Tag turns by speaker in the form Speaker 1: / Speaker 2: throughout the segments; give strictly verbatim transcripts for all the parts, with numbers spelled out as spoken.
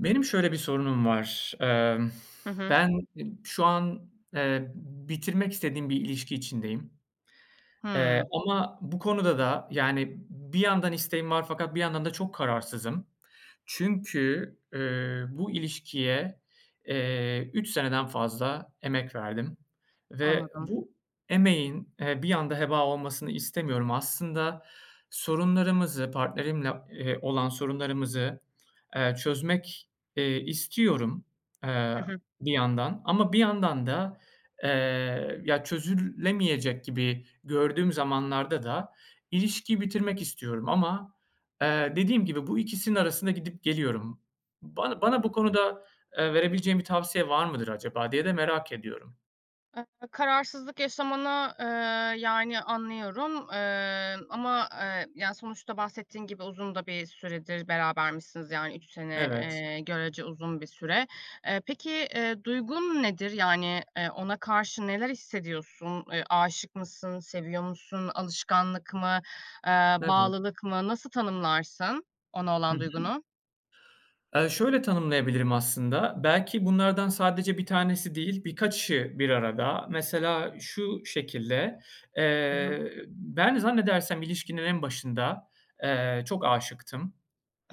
Speaker 1: Benim şöyle bir sorunum var. Imm,
Speaker 2: Hı hı.
Speaker 1: ben e şu an, eee, b bitirmek istediğim bir ilişki içindeyim. Eee,
Speaker 2: Hıı.
Speaker 1: ama bu konuda da yani b bir yandan isteğim var fakat bir yandan da çok kararsızım. Çünkü, ııı, bu ilişkiye, eee, üç seneden fazla emek verdim. Ve
Speaker 2: Anladım.
Speaker 1: bu emeğin, eee, bir anda heba olmasını istemiyorum. Aslında sorunlarımızı, partnerimle, ııı, olan sorunlarımızı, eee, çözmek, eee, istiyorum, eee,
Speaker 2: Hı hı.
Speaker 1: bir yandan. Ama bir yandan da, ııı, ya çözüllemeyecek gibi gördüğüm zamanlarda da ilişkiyi bitirmek istiyorum. Ama, eee, dediğim gibi bu ikisinin arasında gidip geliyorum. Bana bana bu konuda, eee, verebileceğin bir tavsiye var mıdır acaba diye de merak ediyorum.
Speaker 2: [unintelligible] Kararsızlık yaşamanı, ııı, yani anlıyorum. Iıı, ama, ııı, yani sonuçta bahsettiğin gibi uzun da bir süredir berabermişsiniz. Yani üç sene,
Speaker 1: Evet.
Speaker 2: eee, görece uzun bir süre. Eee, peki, ııı, duygun nedir? Yani, ııı, ona karşı neler hissediyorsun? Eee, aşık mısın, seviyor musun, alışkanlık mı, ııı,
Speaker 1: Evet.
Speaker 2: bağlılık mı? Nasıl tanımlarsın ona
Speaker 1: Hı
Speaker 2: olan
Speaker 1: hı.
Speaker 2: duygunu?
Speaker 1: Eee, şöyle tanımlayabilirim aslında. Belki bunlardan sadece bir tanesi değil, birkaçı bir arada. Mesela şu şekilde,
Speaker 2: [unintelligible]
Speaker 1: eee, ben zannedersem ilişkinin en başında, eee, çok aşıktım.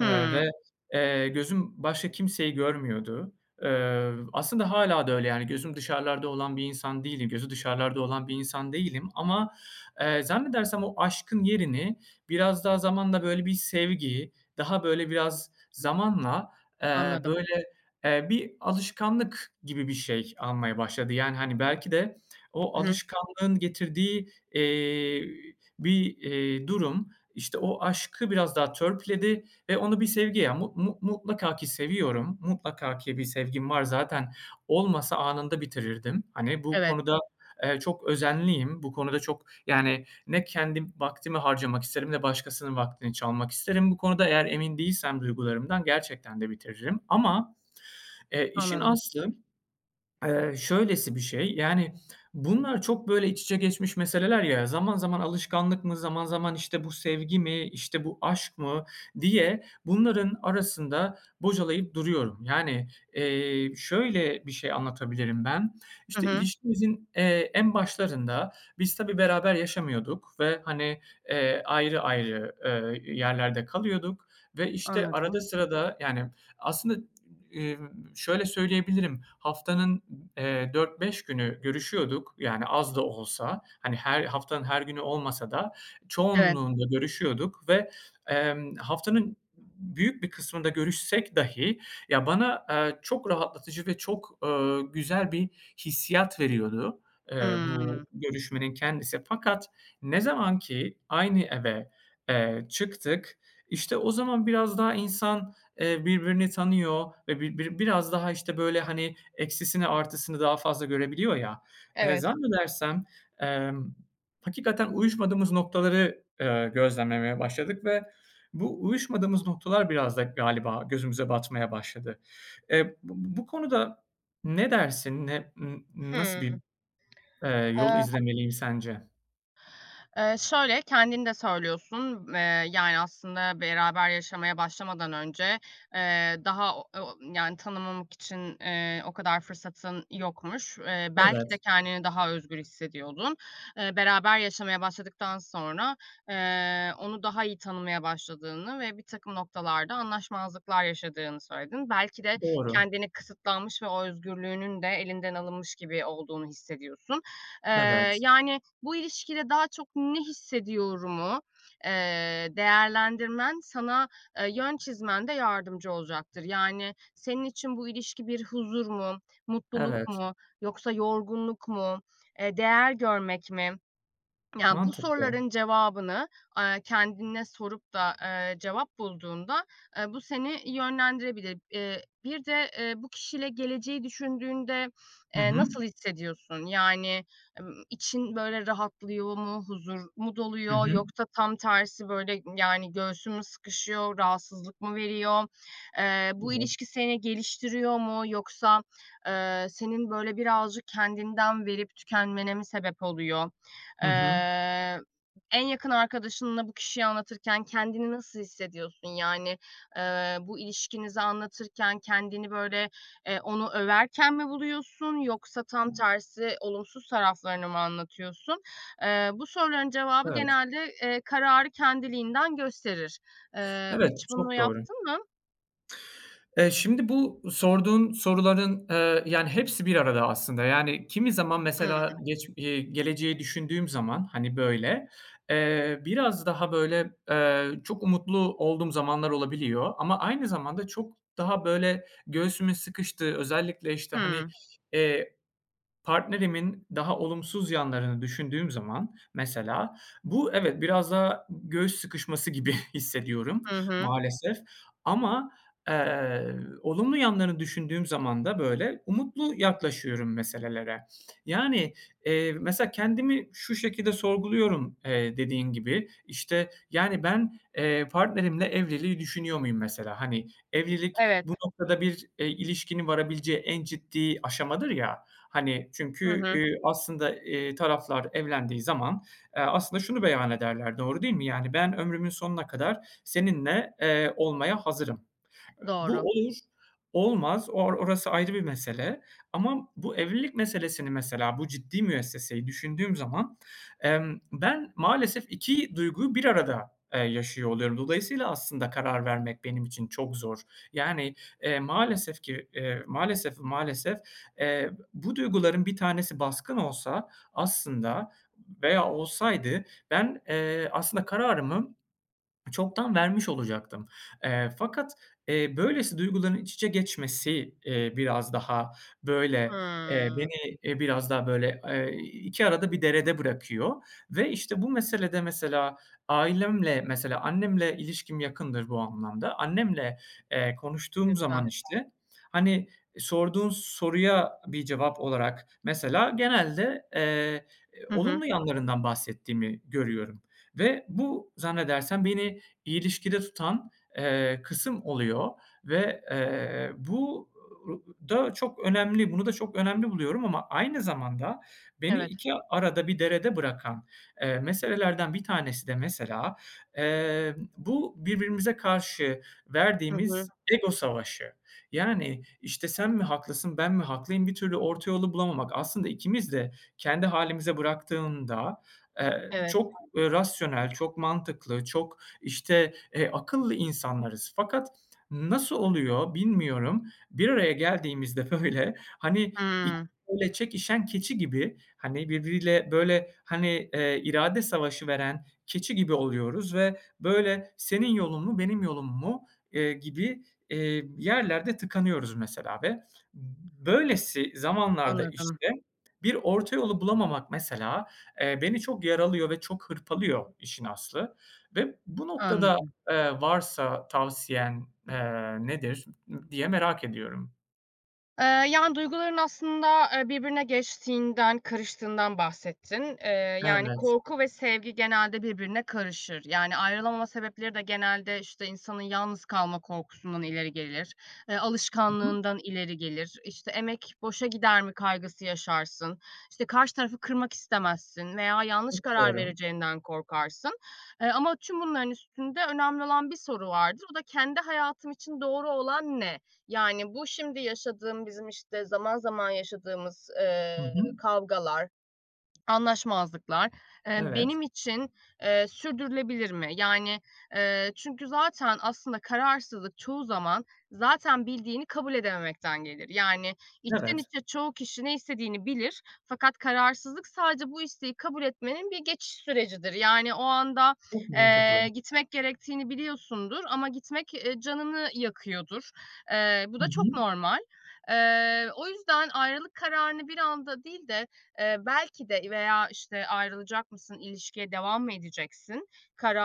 Speaker 1: Eee, ve, eee, gözüm başka kimseyi görmüyordu. Iıı, aslında hâlâ da öyle. Yani gözüm dışarılarda olan bir insan değilim gözü dışarılarda olan bir insan değilim. Ama, eee, zannedersem o aşkın yerini biraz daha zamanla böyle bir sevgi, daha böyle biraz zamanla, eee,
Speaker 2: Anladım.
Speaker 1: böyle, eee, bir alışkanlık gibi bir şey almaya başladı. Yani, hani, belki de o
Speaker 2: Hı hı.
Speaker 1: alışkanlığın getirdiği, eee, bir, eee, durum, işte o aşkı biraz daha törpüledi ve onu bir sevgi ya mu mu mutlaka ki seviyorum, mutlaka ki bir sevgim var. Zaten olmasa anında bitirirdim. Hani, bu
Speaker 2: Evet.
Speaker 1: konuda, eee, çok özenliyim. Bu konuda çok, yani ne kendim vaktimi harcamak isterim ne başkasının vaktini çalmak isterim bu konuda. Eğer emin değilsem duygularımdan gerçekten de bitiririm. Ama, eee, işin
Speaker 2: Anladım.
Speaker 1: aslı, ııı, şöylesi bir şey. Yani, bunlar çok böyle iç içe geçmiş meseleler ya. Zaman zaman alışkanlık mı, zaman zaman işte bu sevgi mi, işte, bu aşk mı diye bunların arasında bocalayıp duruyorum. Yani, eee, şöyle bir şey anlatabilirim ben.
Speaker 2: Hı
Speaker 1: İşte
Speaker 2: hı.
Speaker 1: ilişkimizin, eee, en başlarında biz tabii beraber yaşamıyorduk ve hani, eee, ayrı ayrı, ııı, yerlerde kalıyorduk. Ve işte arada
Speaker 2: Anladım.
Speaker 1: sırada, yani aslında, ımm, şöyle söyleyebilirim, haftanın, eee, dört beş günü görüşüyorduk yani, az da olsa. Hani, her haftanın her günü olmasa da
Speaker 2: Evet.
Speaker 1: çoğunluğunda görüşüyorduk. Ve, emm, haftanın b büyük bir kısmında görüşsek dahi ya bana, aaa, çok rahatlatıcı ve çok, ııı, güzel bir hissiyat veriyordu, ııı, bu
Speaker 2: Hımm.
Speaker 1: görüşmenin kendisi. Fakat ne zamanki aynı eve, eee, çıktık, işte o zaman biraz daha insan, eee, birbirini tanıyor ve bir bir biraz daha, işte, böyle, hani, eksisini artısını daha fazla görebiliyor ya. Iıı,
Speaker 2: Evet.
Speaker 1: zannedersem, emm, hakikaten uyuşmadığımız noktaları, ııı, gözlemlemeye başladık. Ve bu uyuşmadığımız noktalar biraz da galiba gözümüze batmaya başladı. Eee, b b bu konuda ne dersin, ne n nasıl
Speaker 2: Hımm.
Speaker 1: bir, ııı, yol
Speaker 2: Aaa
Speaker 1: izlemeliyim sence?
Speaker 2: Iıı, şöyle, kendin de söylüyorsun. Iıı, yani aslında beraber yaşamaya başlamadan önce, ııı, daha o o yani tanımamak için, ııı, o kadar fırsatın yokmuş. Iıı, belki de
Speaker 1: Evet.
Speaker 2: kendini daha özgür hissediyordun. Eee, beraber yaşamaya başladıktan sonra, ııı, onu daha iyi tanımaya başladığını ve birtakım noktalarda anlaşmazlıklar yaşadığını söyledin. Belki de
Speaker 1: Doğru.
Speaker 2: kendini kısıtlanmış ve o özgürlüğünün de elinden alınmış gibi olduğunu hissediyorsun. Iıı,
Speaker 1: Evet.
Speaker 2: yani, "Bu ilişkide daha çok ne hissediyorum?" u, eee, değerlendirmen sana, eee, yön çizmende yardımcı olacaktır. Yani senin için bu ilişki bir huzur mu, mutluluk
Speaker 1: Evet.
Speaker 2: mu yoksa yorgunluk mu? Eee, değer görmek mi? Yani bu
Speaker 1: Mantıklı.
Speaker 2: soruların cevabını, aaa, kendine sorup da, ııı, cevap bulduğunda, eee, bu seni yönlendirebilir. Iıı, bir de, ııı, bu kişiyle geleceği düşündüğünde,
Speaker 1: Hı
Speaker 2: eee,
Speaker 1: hı.
Speaker 2: nasıl hissediyorsun? Yani, ımm, için böyle rahatlıyor mu, huzur mu
Speaker 1: Hı
Speaker 2: doluyor
Speaker 1: hı.
Speaker 2: yoksa tam tersi böyle, yani göğsün mü sıkışıyor, rahatsızlık mı veriyor? Iıı, bu
Speaker 1: [unintelligible]
Speaker 2: ilişki seni geliştiriyor mu yoksa, ııı, senin böyle birazcık kendinden verip tükenmene mi sebep oluyor?
Speaker 1: Hı hı.
Speaker 2: Iıı, en yakın arkadaşınla bu kişiyi anlatırken kendini nasıl hissediyorsun? Yani, ııı, bu ilişkinizi anlatırken kendini böyle, eee, onu överken mi buluyorsun yoksa tam tersi olumsuz taraflarını mı anlatıyorsun? Iıı, bu soruların cevabı
Speaker 1: Evet.
Speaker 2: genelde, eee, kararı kendiliğinden gösterir. Iıı,
Speaker 1: Evet,
Speaker 2: hiç bunu
Speaker 1: çok doğru.
Speaker 2: yaptın mı?
Speaker 1: Eee, şimdi bu sorduğun soruların, ııı, yani hepsi bir arada aslında. Yani, kimi zaman mesela
Speaker 2: Hıı.
Speaker 1: geç eee, geleceği düşündüğüm zaman, hani, böyle, eee, biraz daha böyle, eee, çok umutlu olduğum zamanlar olabiliyor. Ama aynı zamanda çok daha böyle göğsümün sıkıştığı, özellikle, işte, hani,
Speaker 2: Hıı.
Speaker 1: eee, partnerimin daha olumsuz yanlarını düşündüğüm zaman mesela, bu evet, biraz daha g göğüs sıkışması gibi hissediyorum
Speaker 2: Hı hı.
Speaker 1: maalesef. Ama, eee, olumlu yanlarını düşündüğüm zaman da böyle umutlu yaklaşıyorum meselelere. Yani, eee, mesela kendimi şu şekilde sorguluyorum, eee, dediğin gibi. İşte, yani ben, eee, partnerimle evliliği düşünüyor muyum mesela, hani. Evlilik
Speaker 2: Evet.
Speaker 1: bu noktada bir, eee, ilişkinin varabileceği en ciddi aşamadır ya. Hani
Speaker 2: Hı
Speaker 1: çünkü,
Speaker 2: hı.
Speaker 1: ııı, aslında, ııı, taraflar evlendiği zaman, eee, aslında şunu beyan ederler, doğru değil mi? Yani, "Ben ömrümün sonuna kadar seninle, eee, olmaya hazırım." Bu
Speaker 2: Doğru.
Speaker 1: olur, olmaz. Or orası ayrı bir mesele. Ama bu evlilik meselesini mesela, bu ciddi müesseseyi düşündüğüm zaman, emm, ben maalesef iki duyguyu bir arada, eee, yaşıyor oluyorum. Dolayısıyla aslında karar vermek benim için çok zor. Yani, eee, maalesef ki, eee, maalesef, maalesef, eee, bu duyguların bir tanesi baskın olsa aslında veya olsaydı ben, eee, aslında kararımı çoktan vermiş olacaktım. Eee, fakat, eee, böylesi duyguların iç içe geçmesi, eee, biraz daha böyle, eee,
Speaker 2: Hımm.
Speaker 1: beni, eee, biraz daha böyle, eee, iki arada bir derede bırakıyor. Ve işte bu meselede mesela ailemle, mesela annemle ilişkim yakındır bu anlamda. Annemle, eee,
Speaker 2: Ne
Speaker 1: konuştuğum
Speaker 2: güzel.
Speaker 1: zaman işte hani sorduğun soruya bir cevap olarak mesela genelde, eee,
Speaker 2: Hı hı.
Speaker 1: olumlu yanlarından bahsettiğimi görüyorum. Ve bu zannedersem beni ilişkide tutan, eee, kısım oluyor. Ve, eee, bu ı ı da çok önemli. Bunu da çok önemli buluyorum ama aynı zamanda beni
Speaker 2: Evet.
Speaker 1: iki arada bir derede bırakan, eee, meselelerden bir tanesi de mesela, emm, bu birbirimize karşı
Speaker 2: Hı
Speaker 1: verdiğimiz
Speaker 2: hı.
Speaker 1: ego savaşı. Yani, işte, "Sen mi haklısın, ben mi haklıyım?" bir türlü orta yolu bulamamak. Aslında ikimiz de kendi hâlimize bıraktıdığında, eee,
Speaker 2: Evet.
Speaker 1: çok rasyonel, çok mantıklı, çok, işte, eee, akıllı insanlarız. Fakat nasıl oluyor bilmiyorum. Bir araya geldiğimizde, böyle, hani, [unintelligible]
Speaker 2: Hıı.
Speaker 1: böyle çekişen keçi gibi, hani, birbiriyle, böyle, hani, eee, irade savaşı veren keçi gibi oluyoruz. Ve böyle, "Senin yolun mu, benim yolum mu?" eee, gibi, eee, yerlerde tıkanıyoruz mesela ve b böylesi zamanlarda
Speaker 2: Anladım.
Speaker 1: işte bir orta yolu bulamamak mesela, eee, beni çok yaralıyor ve çok hırpalıyor işin aslı. Ve bu noktada,
Speaker 2: Anladım.
Speaker 1: eee, varsa tavsiyen, eee, nedir diye merak ediyorum.
Speaker 2: Eee, yani duyguların aslında, eee, birbirine geçtiğinden, karıştığından bahsettin. Eee, yani
Speaker 1: Evet.
Speaker 2: korku ve sevgi genelde birbirine karışır. Yani ayrılamama sebepleri de genelde, işte, insanın yalnız kalma korkusundan ileri gelir, eee,
Speaker 1: [unintelligible]
Speaker 2: alışkanlığından ileri gelir, işte, emek boşa gider mi kaygısı yaşarsın, işte, karşı tarafı kırmak istemezsin veya yanlış
Speaker 1: Çok
Speaker 2: karar
Speaker 1: doğru.
Speaker 2: vereceğinden korkarsın, eee, ama tüm bunların üstünde önemli olan bir soru vardır. O da, "Kendi hayatım için doğru olan ne?" Yani, "Bu şimdi yaşadığım bizim, işte, zaman zaman yaşadığımız,
Speaker 1: Hı
Speaker 2: eee,
Speaker 1: hı.
Speaker 2: kavgalar, anlaşmazlıklar, eee,
Speaker 1: Evet.
Speaker 2: benim için, eee, sürdürülebilir mi?" Yani, eee, çünkü zaten aslında kararsızlık çoğu zaman zaten bildiğini kabul edememekten gelir. Yani içten
Speaker 1: Evet.
Speaker 2: içe çoğu kişi ne istediğini bilir. Fakat kararsızlık sadece bu isteği kabul etmenin bir geçiş sürecidir. Yani o anda,
Speaker 1: Çok mantıklı.
Speaker 2: eee, gitmek gerektiğini biliyorsundur ama gitmek, eee, canını yakıyordur. Eee, bu
Speaker 1: Hı
Speaker 2: da çok
Speaker 1: hı.
Speaker 2: normal. Eee, o yüzden ayrılık kararını bir anda değil de, eee, belki de veya işte ayrılacak mısın, ilişkiye devam mı edeceksin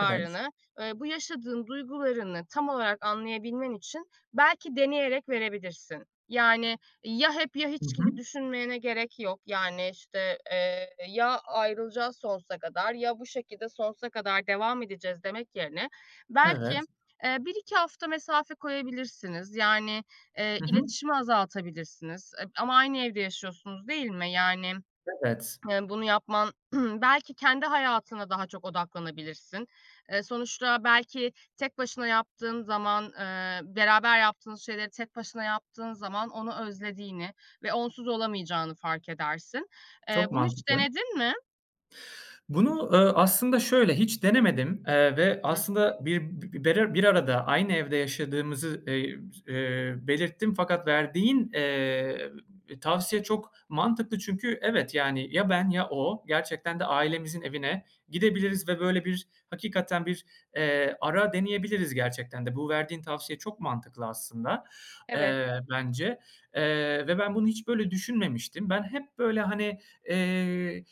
Speaker 1: Evet.
Speaker 2: eee, bu yaşadığın duygularını tam olarak anlayabilmen için belki deneyerek verebilirsin. Yani ya hep ya
Speaker 1: Hı
Speaker 2: hiç gibi
Speaker 1: hı.
Speaker 2: düşünmene gerek yok, yani, işte, eee, "Ya ayrılacağız sonsuza kadar ya bu şekilde sonsuza kadar devam edeceğiz." demek yerine belki,
Speaker 1: Evet.
Speaker 2: eee, bir iki hafta mesafe koyabilirsiniz. Yani, eee,
Speaker 1: Hı hı.
Speaker 2: iletişimi azaltabilirsiniz, eb ama aynı evde yaşıyorsunuz, değil mi? Yani
Speaker 1: Evet.
Speaker 2: bunu yapman, belki kendi hayatına daha çok odaklanabilirsin. Eee, sonuçta belki tek başına yaptığın zaman, eee, beraber yaptığınız şeyleri tek başına yaptığın zaman onu özlediğini ve onsuz olamayacağını fark edersin. Eee,
Speaker 1: Çok
Speaker 2: bunu hiç
Speaker 1: mantıklı.
Speaker 2: denedin mi?
Speaker 1: Bunu, eee, aslında şöyle hiç denemedim, eee, ve aslında bir [unintelligible] bir arada aynı evde yaşadığımızı, eee, s eee, belirttim fakat verdiğin, eee, tavsiye çok mantıklı çünkü evet, yani ya ben ya o gerçekten de ailemizin evine gidebiliriz ve böyle bir hakikaten bir, eee, ara deneyebiliriz gerçekten de. Bu verdiğin tavsiye çok mantıklı aslında,
Speaker 2: Evet.
Speaker 1: eee, bence, eee, ve ben bunu hiç böyle düşünmemiştim. Ben hep böyle, hani, eee,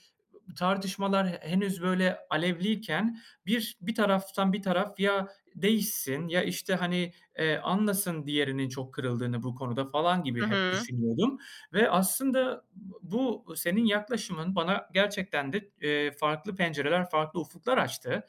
Speaker 1: tartışmalar he henüz böyle alevliyken bir bir taraftan bir taraf ya değişsin, ya, işte, hani, eee, anlasın diğerinin çok kırıldığını bu konuda falan gibi
Speaker 2: Hı
Speaker 1: hep
Speaker 2: hı.
Speaker 1: düşünüyordum ve aslında b bu senin yaklaşımın bana gerçekten de, eee, farklı pencereler, farklı ufuklar açtı.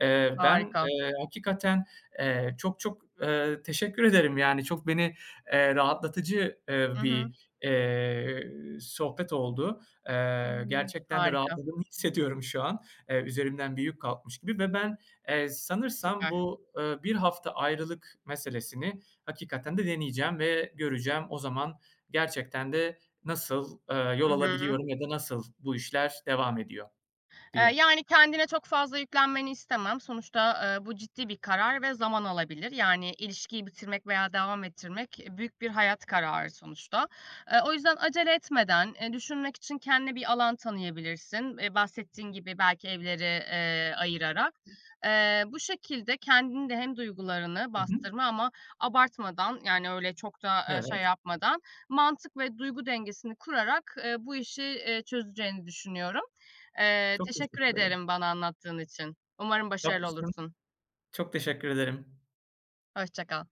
Speaker 1: Eee, ben,
Speaker 2: Harika.
Speaker 1: eee, hakikaten, eee, çok çok, eee, teşekkür ederim, yani çok beni, eee, rahatlatıcı, eee,
Speaker 2: Hı hı.
Speaker 1: bir, eee, sohbet oldu. Eee,
Speaker 2: [unintelligible]
Speaker 1: gerçekten de
Speaker 2: Harika.
Speaker 1: rahatlığımı hissediyorum şu an, eee, üzerimden büyük bir yük kalkmış gibi. Ve ben, eee, sanırsam
Speaker 2: Süper.
Speaker 1: bu, eee, bir hafta ayrılık meselesini hakikaten de deneyeceğim ve göreceğim. O zaman gerçekten de nasıl, eee, yol
Speaker 2: Hı hı.
Speaker 1: alabiliyorum ya da nasıl bu işler devam ediyor
Speaker 2: Eee,
Speaker 1: diye.
Speaker 2: yani kendine çok fazla yüklenmeni istemem. Sonuçta, eee, bu ciddi bir karar ve zaman alabilir. Yani ilişkiyi bitirmek veya devam ettirmek büyük bir hayat kararı sonuçta. Eee, o yüzden acele etmeden, eee, düşünmek için kendine bir alan tanıyabilirsin, eee, bahsettiğin gibi belki evleri, eee, ayırarak. Eee, bu şekilde kendin de hem duygularını
Speaker 1: Hı hı.
Speaker 2: bastırma ama abartmadan, yani öyle çok da, eee, şey
Speaker 1: Evet.
Speaker 2: yapmadan, mantık ve duygu dengesini kurarak, eee, bu işi, eee, çözeceğini düşünüyorum. Eee,
Speaker 1: Çok
Speaker 2: teşekkür
Speaker 1: teşekkür ederim.
Speaker 2: ederim bana anlattığın için, umarım başarılı
Speaker 1: [unintelligible]
Speaker 2: olursun.
Speaker 1: Çok teşekkür ederim.
Speaker 2: Hoşça kal.